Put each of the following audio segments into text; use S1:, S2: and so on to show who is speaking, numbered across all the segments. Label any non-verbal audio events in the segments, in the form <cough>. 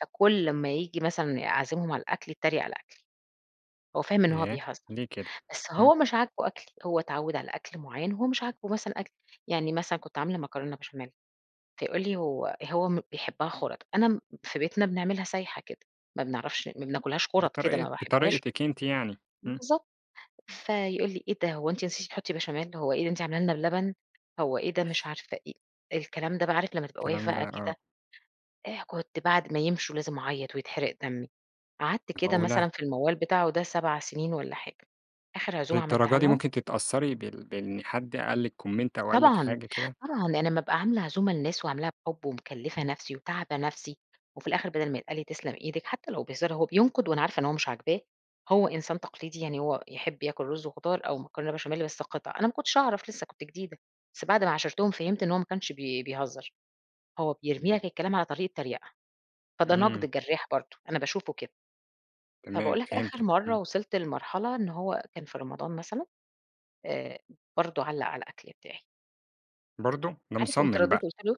S1: فكل أمّا ييجي مثلًا أعزمهم على الأكل يتريّق على أكلي. هو فاهم إن هو
S2: ياه!
S1: بيهزّر،
S2: لي كده؟
S1: بس
S2: إمم.
S1: هو مش عاجبه أكلي، هو اتعوّد على أكل معيّن، هو مش عاجبه مثلًا أكلي. يعني مثلًا كنت عاملة مكرونة بشاميل، فيقول لي هو هو م بيحبّها خُرَط، أنا في بيتنا بنعملها سايحة كده، ما بنعرفش ما بناكلهاش خُرَط كده
S2: بطريقة
S1: ما باحبهاش
S2: بطريقتِك أنتِ يعني. إمم.
S1: بالضبط، فيقول لي: :إيه ده؟ هو أنتِ نسيتِ تحُطّي بشاميل؟ هو إيه ده أنتِ عامله لنا لنا بلبن؟ هو إيه ده،" مش عارفة إيه، الكلام ده بقى عارف لمّا تبقى واقف
S2: الكلام
S1: بقى
S2: ده آه.
S1: كده إيه كنت بعد ما يمشوا لازم أعيّط ويتحرق دمّي. قعدت كده
S2: معقولة؟!
S1: مثلًا في الموّال بتاعه ده 7 سِنين ولا حاجة، آخِر عزوم عملتها
S2: للدرجة دي
S1: لهم
S2: ممكن تتأثّري ب بإن حد قال لِك comment أو قال لِك
S1: طبعًا،
S2: حاجة كده؟
S1: طبعًا. أنا أمّا أبقى عاملة عزومة لناس وعاملاها بحُب ومكلِّفة نفسي وتاعبة نفسي وفي الآخر بَدَل ما يتقال لي تسلم إيدك حتّى لو بهزار، هو بينقد وأنا عارفة إن هو مش عاجباه. هو إنسان تقليدي، يعني هو يحِب ياكل رُز وخضار أو مكرونة بشاميل بس قِطَع، أنا ما كنتش أعرف لسّه كنت جديدة، بس بعد ما عاشرتهم فهمت إن هو ما كنش بي بيهزّر، هو بيرمي لك
S2: إمم.
S1: الكلام على طريقة تريقة، فده نَقْد
S2: إمم.
S1: جَرّاح برضه، أنا باشوفه كده.
S2: تمام،
S1: فباقول لك آخِر
S2: فهمتِك.
S1: مرّة
S2: إمم.
S1: وصلت لمرحلة إن هو كان في رمضان مثلًا، آآ برضه علّق على الأكل بتاعي.
S2: برضه! ده
S1: عارف، قُمت
S2: مصمّم
S1: ردّيت
S2: بقى.
S1: قُلت له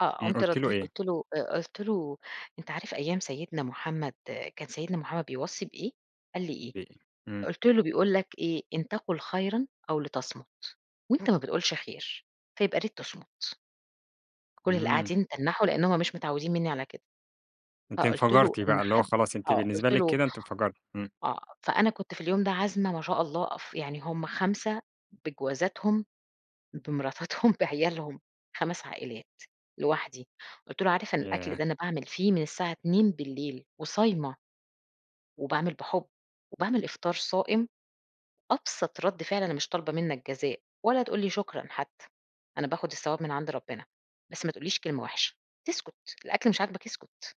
S1: آه.
S2: إمم،
S1: قُمت
S2: قُلتِ له
S1: ردّيت
S2: إيه؟
S1: قُلت له آآ قُلت له: "أنت عارف أيام سيدنا محمد كان سيدنا محمد بيوصي بإيه؟" قال لي: "إيه؟"
S2: <unintelligible> إمم.
S1: قُلت له: "بيقول لك إيه، إن تقُل خيرًا أو لتصمُت، وأنت ما بتقولش خير، فيبقى ياريت تصمُت. كل اللي
S2: إمم.
S1: قاعدين تنّحوا، لإن هم مش متعوّدين منّي على كده،
S2: أنتِ
S1: فقُلت له:
S2: انفجرتِ
S1: "إن
S2: بقى، اللي هو
S1: حد"
S2: خلاص أنتِ
S1: آه.
S2: بالنسبة
S1: قُلت
S2: لِك
S1: له
S2: كده أنتِ انفجرتِ. إمم.
S1: آه. فأنا كنت في اليوم ده عازمة ما شاء الله ف يعني هم 5 بجوازاتهم، بمراتاتهم، بعيالهم 5 عائلات لوحدي. قُلت له: "عارف إن الأكل
S2: ياه!
S1: ده أنا باعمل فيه من الساعة 02:00 وصايمة، وباعمل بحُب وباعمل إفطار صائم، أبسط رَد فِعل أنا مش طالبة منّك جزاء ولا تقول لي شكرًا حتّى، أنا باخُد الثواب من عند ربنا، بس ما تقولّيش كلمة وِحشة تسْكُت، الأكل مش عاجبك اسْكُت."